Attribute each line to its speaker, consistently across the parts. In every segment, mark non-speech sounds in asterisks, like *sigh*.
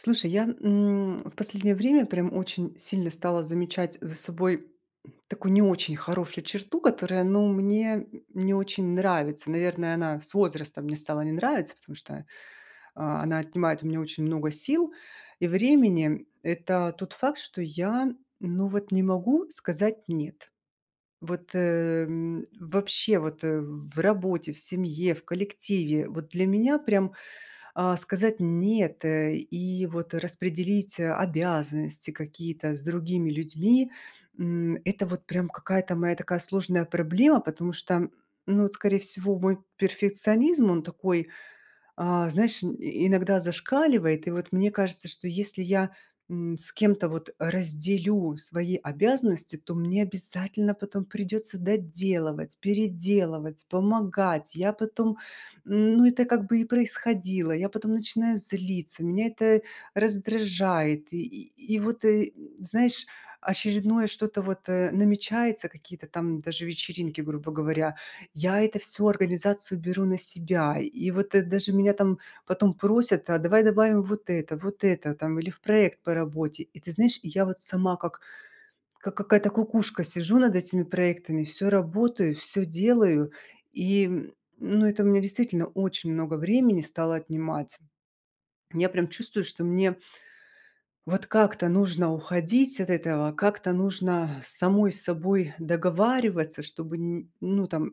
Speaker 1: Слушай, я, м, в последнее время прям очень сильно стала замечать за собой такую не очень хорошую черту, которая, ну, мне не очень нравится. Наверное, она с возрастом мне стала не нравиться, потому что, а, она отнимает у меня очень много сил и времени. Это тот факт, что я, ну вот, не могу сказать "нет". Вот, эм, вообще вот, э, в работе, в семье, в коллективе. Вот для меня, прям, а, сказать "нет", э, и, вот, распределить обязанности какие-то с другими людьми, м, это вот прям какая-то моя такая сложная проблема. Потому что, ну вот, скорее всего, мой перфекционизм, он такой, а, знаешь, и иногда зашкаливает. И вот мне кажется, что если я, м, с кем-то вот разделю свои обязанности, то мне обязательно потом придется доделывать, переделывать, помогать. Я потом, ну, это как бы и происходило. Я потом начинаю злиться, меня это раздражает. И и и вот, знаешь, очередное что-то вот, э, намечается, какие-то там даже вечеринки, грубо говоря. Я это всё организацию беру на себя, и вот, э, даже меня там потом просят: "А давай добавим вот это вот это там". Или в проект по работе. И ты знаешь, и я вот сама как как какая-то кукушка, сижу над этими проектами, всё работаю, всё делаю, и, ну, это у меня действительно очень много времени стало отнимать. Я прям чувствую, что мне вот как-то нужно уходить от этого, как-то нужно самой с собой договариваться, чтобы н ну, там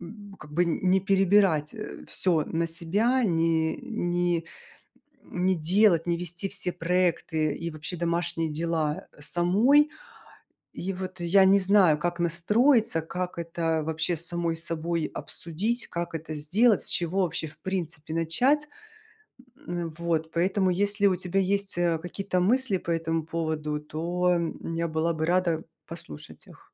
Speaker 1: м, как бы н не перебирать, э, всё на себя, не не не делать, не вести все проекты и вообще домашние дела самой. И вот я не знаю, как настроиться, как это вообще с самой собой обсудить, как это сделать, с чего вообще в принципе начать. М, вот поэтому, если у тебя есть, э, какие-то мысли по этому поводу, то я была бы рада послушать их.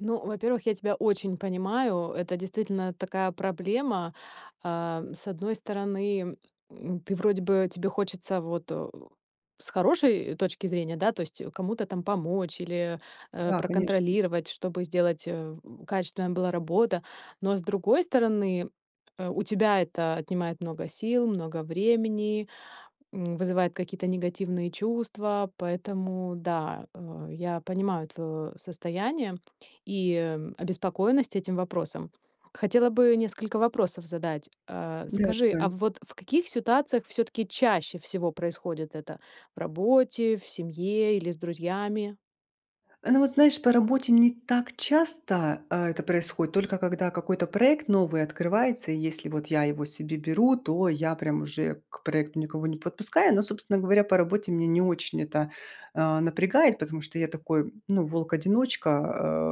Speaker 2: Ну, во-первых, я тебя очень понимаю, это действительно такая проблема. А, с одной стороны, м, ты вроде бы тебе хочется вот, о, с хорошей точки зрения, да, то есть кому-то там помочь или, э,
Speaker 1: Да, конечно.
Speaker 2: проконтролировать, чтобы сделать э, качественная была работа, но с другой стороны, э, у тебя это отнимает много сил, много времени, м, вызывает какие-то негативные чувства, поэтому да, э, я понимаю твоё состояние и обеспокоенность этим вопросом. Хотела бы несколько вопросов задать. А,
Speaker 1: Да,
Speaker 2: скажи, а
Speaker 1: давай.
Speaker 2: вот в каких ситуациях всё-таки чаще всего происходит это: в работе, в семье или с друзьями?
Speaker 1: Э, ну, вот знаешь, по работе не так часто, а, это происходит только, когда какой-то проект новый открывается, и если вот я его себе беру, то я прям уже к проекту никого не подпускаю. Но, собственно говоря, по работе меня не очень это, э, напрягает, потому что я такой, ну, волк-одиночка,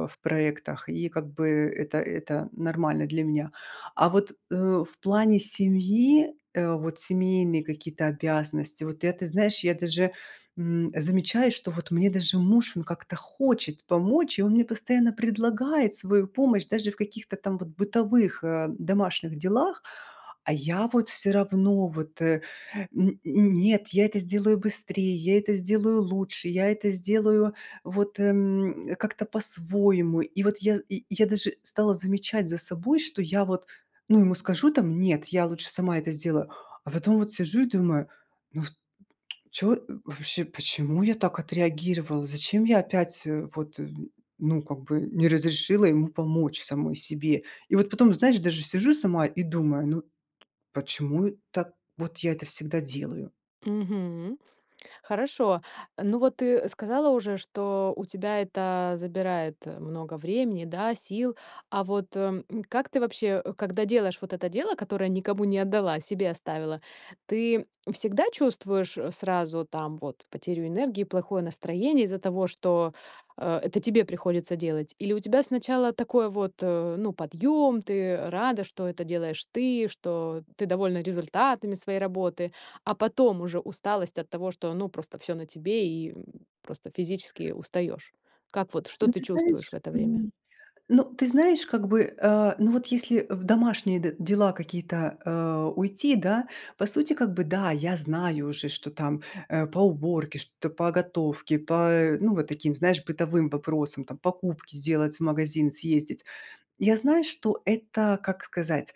Speaker 1: а, в проектах, и как бы это это нормально для меня. А вот, э, в плане семьи, э, вот семейные какие-то обязанности, вот я ты знаешь, я даже, м, замечаю, что вот мне даже муж, он как-то хочет помочь, и он мне постоянно предлагает свою помощь даже в каких-то там вот бытовых, э, домашних делах, а я вот всё равно вот, э, н н нет, я это сделаю быстрее, я это сделаю лучше, я это сделаю вот, м, как-то по-своему. И вот я и и я даже стала замечать за собой, что я вот, ну, ему скажу там: "Нет, я лучше сама это сделаю". А потом вот сижу и думаю: "Ну, вот, чё, вообще, почему я так отреагировала? Зачем я опять, э, вот ну как бы не разрешила ему помочь самой себе?" И вот потом, знаешь, даже сижу сама и думаю: "Ну почему так вот я это всегда делаю?"
Speaker 2: Мгм. Хорошо, ну вот ты сказала уже, что у тебя это забирает много времени, да, сил, а вот, м, как ты вообще, когда делаешь вот это дело, которое никому не отдала, себе оставила, ты всегда чувствуешь сразу там вот потерю энергии, плохое настроение из-за того, что, э, это тебе приходится делать или у тебя сначала такой вот, ну, подъём, ты рада, что это делаешь ты, что ты довольна результатами своей работы, а потом уже усталость от того, что, ну, просто всё на тебе и просто физически устаёшь. Как вот, что
Speaker 1: Ну,
Speaker 2: ты
Speaker 1: ты
Speaker 2: чувствуешь в
Speaker 1: знаешь,
Speaker 2: это время?
Speaker 1: м, ну, ты знаешь, как бы, э, ну вот если в домашние д дела какие-то, э, уйти, да, по сути, как бы, да, я знаю уже, что там, э, по уборке, что-то по готовке, по, э, ну вот таким, знаешь, бытовым вопросам, там покупки сделать, в магазин съездить. Я знаю, что это, как сказать?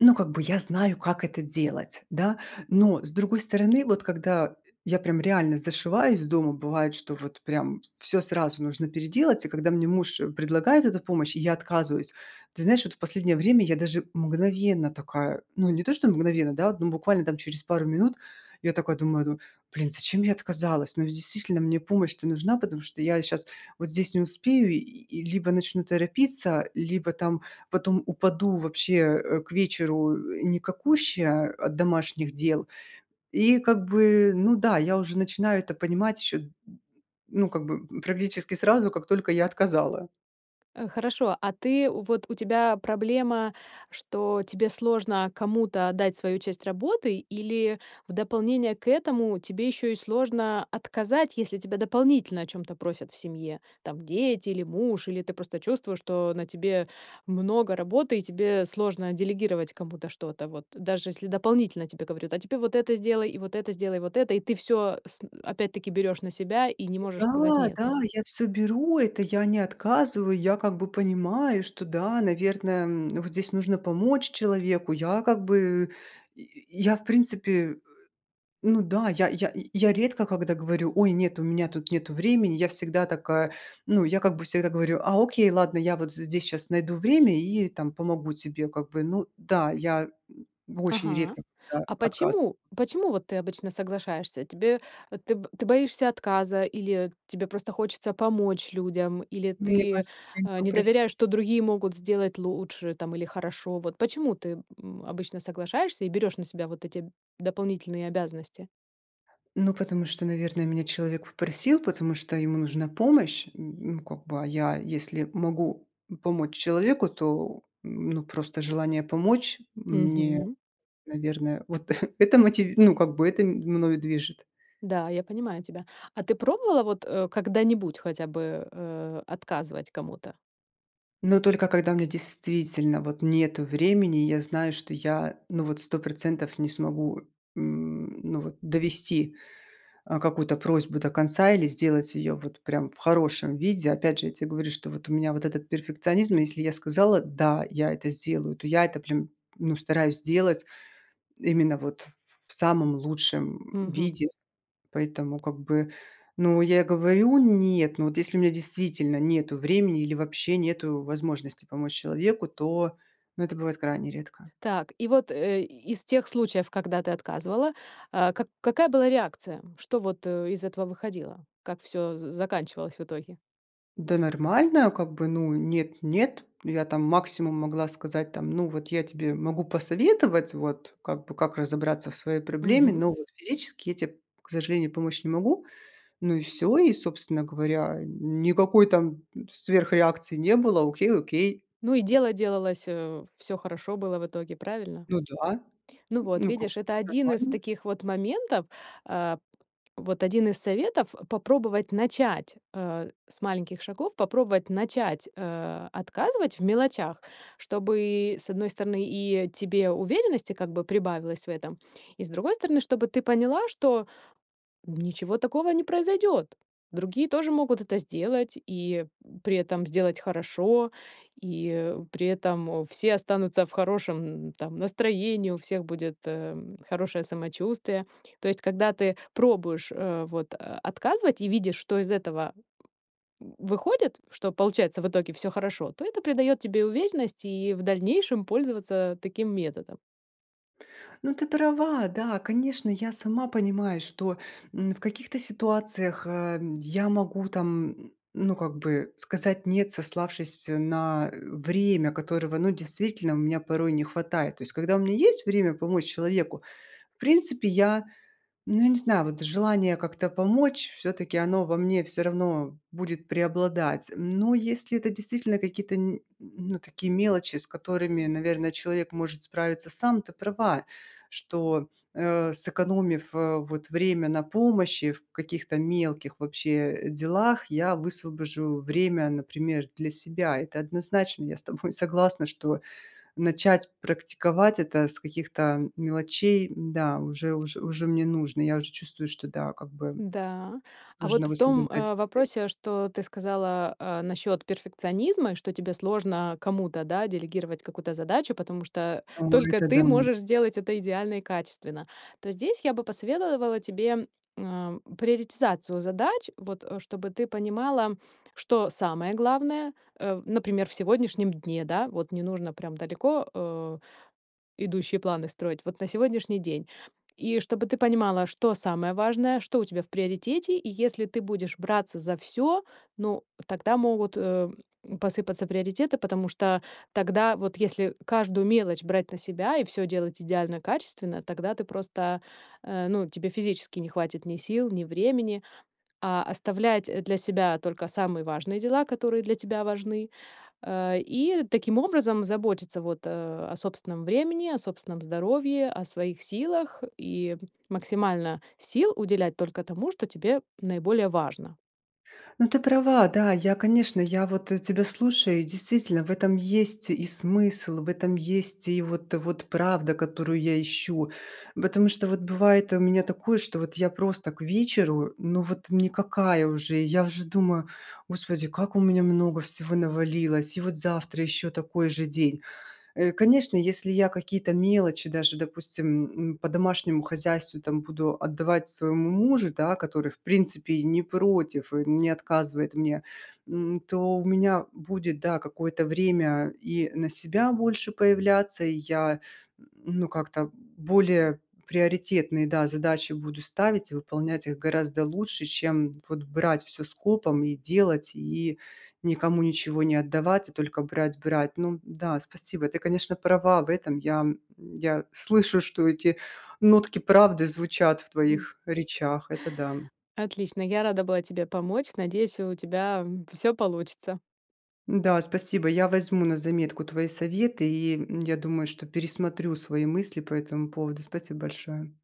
Speaker 1: Ну, как бы я знаю, как это делать, да. Но с другой стороны, вот когда я прям реально зашиваюсь дома, бывает, что вот прям всё сразу нужно переделать. И когда мне муж предлагает эту помощь, я отказываюсь. Ты знаешь, вот в последнее время я даже мгновенно такая, ну не то что мгновенно, да, ну, буквально через пару минут, я такая думаю: "Ну, блин, зачем я отказалась?" Ну ведь действительно, мне помощь-то нужна, потому что я щас вот здесь не успею, и и либо начну торопиться, либо там потом упаду вообще, э, к вечеру, э, никакущая от домашних дел. И как бы, ну да, я уже начинаю это понимать еще ну, как бы практически сразу, как только я отказала.
Speaker 2: Э, хорошо, а ты, вот у тебя проблема, что тебе сложно кому-то отдать свою часть работы или в дополнение к этому тебе ещё и сложно отказать, если тебя дополнительно о чём-то просят в семье, там дети или муж, или ты просто чувствуешь, что на тебе много работы и тебе сложно делегировать кому-то что-то. Вот даже если дополнительно тебе говорят: "А теперь вот это сделай, и вот это сделай, и вот это", и ты всё с и опять-таки берёшь на себя и не можешь сказать:
Speaker 1: Да,
Speaker 2: "Нет".
Speaker 1: да, я всё беру, это я не отказываю, я как бы понимаю, что, да, наверное, м, вот здесь нужно помочь человеку. Я как бы я я в принципе, *grunts* ну да, я я я редко когда говорю: "Ой, нет, у меня тут нету времени". Я всегда такая ну, я как бы всегда говорю: "А, окей, ладно, я вот здесь щас найду время и там помогу тебе как бы, ну". Да, я, м, очень
Speaker 2: Ага.
Speaker 1: редко когда
Speaker 2: А
Speaker 1: отказываю.
Speaker 2: почему, почему вот ты обычно соглашаешься? Тебе ты б ты боишься отказа или тебе просто хочется помочь людям, или
Speaker 1: Мне
Speaker 2: ты,
Speaker 1: кажется, если они
Speaker 2: э, не
Speaker 1: попросили.
Speaker 2: доверяешь, что другие могут сделать лучше там или хорошо? Вот почему ты, м, обычно соглашаешься и берешь на себя вот эти дополнительные обязанности?
Speaker 1: Ну, потому что, наверно, меня человек попросил, потому что ему нужна помощь. М, м, как бы, а я, если могу помочь человеку, то, ну, просто желание помочь мне,
Speaker 2: Мгм.
Speaker 1: наверное, вот *chuckles* это мотив ну, как бы, это ми мною движет.
Speaker 2: Да, я понимаю тебя. А ты пробовала вот, э, когда-нибудь хотя бы, э, отказывать кому-то?
Speaker 1: Ну, только когда мне действительно, вот, нету времени, я знаю, что я, ну вот, 100 % не смогу, м, ну вот, довести, э, какую-то просьбу до конца или сделать её вот прям в хорошем виде. Опять же, я те говорю, что вот у меня вот этот перфекционизм, если я сказала: "Да, я это сделаю", то я это прям, ну, стараюсь делать именно вот ф ф в самом лучшем
Speaker 2: Мгм.
Speaker 1: виде. Поэтому, как бы, ну, я говорю: "Нет", ну вот, если у меня действительно нету времени или вообще нету возможности помочь человеку, то, ну, это бывает крайне редко.
Speaker 2: Так, и вот, э, из тех случаев, когда ты отказывала, а, как какая была реакция, что вот, э, из этого выходило, как всё за заканчивалось в итоге.
Speaker 1: Да нормально как бы. Ну, нет нет. Я там максимум могла сказать там: "Ну вот я тебе могу посоветовать, вот как бы как разобраться в своей проблеме,
Speaker 2: Мгм.
Speaker 1: но вот физически я те, к сожалению, помочь не могу". Ну и всё. И, собственно говоря, никакой там сверхреакции не было. Окей окей.
Speaker 2: Ну и дело делалось, э, всё хорошо было в итоге, правильно?
Speaker 1: Ну да,
Speaker 2: Ну вот,
Speaker 1: ну, как,
Speaker 2: видишь, это один из
Speaker 1: нормально.
Speaker 2: таких вот моментов, а, вот один из советов попробовать начать, э, с маленьких шагов, попробовать начать, э, отказывать в мелочах, чтобы, с одной стороны, и тебе уверенности как бы прибавилось в этом, и, с другой стороны, чтобы ты поняла, что ничего такого не произойдёт, другие тоже могут это сделать, и при этом сделать хорошо, и при этом все останутся в хорошем, там, настроении, у всех будет, эм, хорошее самочувствие. То есть, когда ты пробуешь, а, вот, э, отказывать и видишь, что из этого в выходит, что получается в итоге всё хорошо, то это придает тебе уверенности и в дальнейшем пользоваться таким методом.
Speaker 1: Ну, ты права, да. Конечно, я сама понимаю, что, м, в каких-то ситуациях, а, я могу, там, м, ну, как бы сказать нет, сославшись на время, которого, ну, действительно у меня порой не хватает. То есть когда у меня есть время помочь человеку, в принципе я, ну, я не знаю, вот желание как-то помочь всё-таки оно во мне всё равно будет преобладать. Но если это действительно какие-то н ну, такие мелочи, с которыми, наверное, человек может справиться сам. Ты права, что, э, сэкономив, э, вот время на помощи в каких-то мелких вообще делах, я высвобожу время, например, для себя. Это однозначно я с тобой согласна, что начать практиковать это с каких-то мелочей, да, уже уж уже мне нужно, я уже чувствую, что да, как бы
Speaker 2: Да. А вот
Speaker 1: нужно
Speaker 2: в том,
Speaker 1: высвобождать
Speaker 2: э,
Speaker 1: свет.
Speaker 2: вопросе, что ты сказала, а, насчет перфекционизма, и что тебе сложно кому-то, да, делегировать какую-то задачу, потому что
Speaker 1: О,
Speaker 2: только
Speaker 1: это да.
Speaker 2: ты можешь сделать это идеально и качественно, то здесь я бы посоветовала тебе, м, приоритизацию задач, вот чтобы ты понимала, что самое главное. Э, например, в сегодняшнем дне, да, вот не нужно прям далеко, э, идущие планы строить, вот на сегодняшний день. И чтобы ты понимала, что самое важное, что у тебя в приоритете, и если ты будешь браться за всё, ну тогда могут, э, посыпаться приоритеты, потому что тогда вот если каждую мелочь брать на себя, и всё делать идеально качественно, тогда ты просто, э, ну тебе физически не хватит ни сил, ни времени. А оставлять для себя только самые важные дела, которые для тебя важны, э, и таким образом заботиться вот, а, о собственном времени, о собственном здоровье, о своих силах, и максимально сил уделять только тому, что тебе наиболее важно.
Speaker 1: Ну, ты права. Да, я, конечно, я вот, э, тебя слушаю и действительно в этом есть и смысл, в этом есть и вот вот правда, которую я ищу. Потому что вот бывает у меня такое, что вот я просто к вечеру, ну вот, никакая уже. Я уже думаю: "Господи, как у меня много всего навалилось, и вот завтра еще такой же день". Э, конечно, если я какие-то мелочи даже, допустим, м, по домашнему хозяйству там буду отдавать своему мужу, да, который в принципе и не против, и не отказывает мне, м, то у меня будет, да, какое-то время и на себя больше появляться, и я, ну, как-то более приоритетные, да, задачи буду ставить и выполнять их гораздо лучше, чем вот брать всё скопом и делать, и никому ничего не отдавать, а только брать брать. Ну да, спасибо. Ты, конечно, права в этом. Я, м, я слышу, что эти нотки правды звучат в
Speaker 2: М.
Speaker 1: твоих речах, это да.
Speaker 2: Отлично, я рада была тебе помочь, надеюсь, у тебя, м, всё получится!
Speaker 1: Да, спасибо, я возьму на заметку твои советы и, м, я думаю, что пересмотрю свои мысли по этому поводу. Спасибо большое.